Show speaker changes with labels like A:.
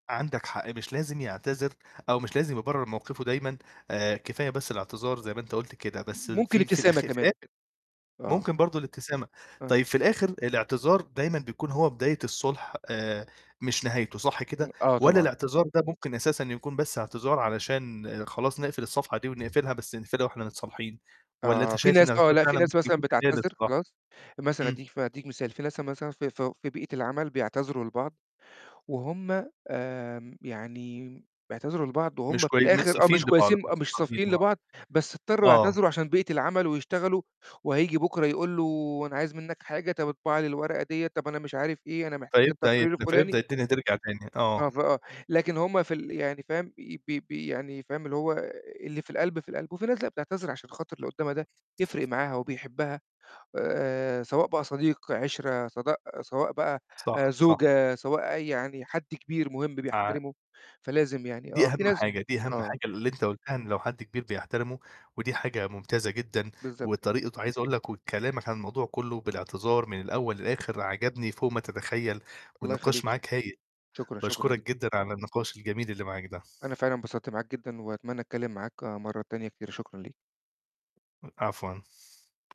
A: عَندك حق. مش لازم يعتذر أو مش لازم يبرر مَوقِفه دايمًا، آآ كفاية بس الاعتذار زَي ما أنت قُلت كده، بس
B: ممكن
A: في في
B: ابتسامة
A: الآخر
B: كمان.
A: [unintelligible]
B: آه.
A: ممكن برضه الابتسامة.
B: آه.
A: طيّب في الآخر الاعتذار دايمًا بيكون هو بداية الصُلح آآ مش نهايته، صح
B: إمم،
A: كده؟
B: آه،
A: والّا
B: طبعًا.
A: الاعتذار ده ممكن أساسًا يكون بس اعتذار علشان خلاص نقفِل الصفحة دي، ونقفِلها بس نقفِلها وإحنا متصالحين، والّا أنت
B: آه، في
A: شايف
B: ناس آه،
A: الاعتذار
B: لأ، في
A: فعلًا
B: ناس
A: ممكن
B: مثلًا
A: يكون بداية
B: بتعتذر
A: للصلاح؟
B: خلاص، مثلًا
A: إمم.
B: أدّيك ف أدّيك مثال، في ناس مثلًا في فو في بيئة العمل بيعتذروا لبعض، وهُم آمم يعني بيعتذروا لبعض، وهُم
A: مش
B: في
A: كوي مش
B: الآخر آه،
A: صافيين
B: مش
A: لبعض
B: كويّسين، آه، مش صافيين
A: [unintelligible]
B: لبعض، بس اضطرّوا
A: آه.
B: يعتذروا عشان بيئة العمل، ويشتغلوا وهييجي بكرة يقول له: "أنا عايز مِنّك حاجة، طَب اطبع لي الورقة دِيَّة، طَب أنا مش عارف إيه أنا محتاج
A: فيبدأ يد
B: التقرير الفلاني."
A: فيبدأ الدنيا ترجَع تاني.
B: آه،
A: آه.
B: فآه، لكن هُم في ال يعني فاهم؟ بي بي بي يعني فاهم؟ اللي هو اللي في القلب، في القلب. وفي ناس لأ، بتعتذر عشان خاطر اللي قدّامها ده يفرِق معاها، وبيحبها، آآ سواء بقى صديق، عِشرة، سواء، سواء بقى آآ
A: صح، صح.
B: زوجة، سواء أي يعني حد كبير مهم
A: [unintelligible]
B: بيحترمه، فلازم يعني
A: دي
B: آه، في
A: أهم
B: ناس
A: حاجة، دي أهم
B: آه.
A: حاجة اللي أنت قُلتها، إن لو حد كبير بيحترمه، ودي حاجة ممتازة جدًا،
B: بالضبط ك
A: وطريقة وعايز أقول لك وكلامك عن الموضوع كلّه، بالاعتذار من الأول للآخر، عجبني فوق ما تتخيل،
B: الله
A: والنقاش
B: يخلّيك شكرًا.
A: معاك هايل.
B: شكرًا، شكرًا ج
A: باشكرك جدًا على النقاش الجميل اللي معاك ده.
B: أنا فعلًا اتبسطت معاك جدًا، وأتمنى أتكلم معاك مرّة تانية كتير، شكرًا ليك.
A: إ عفوًا.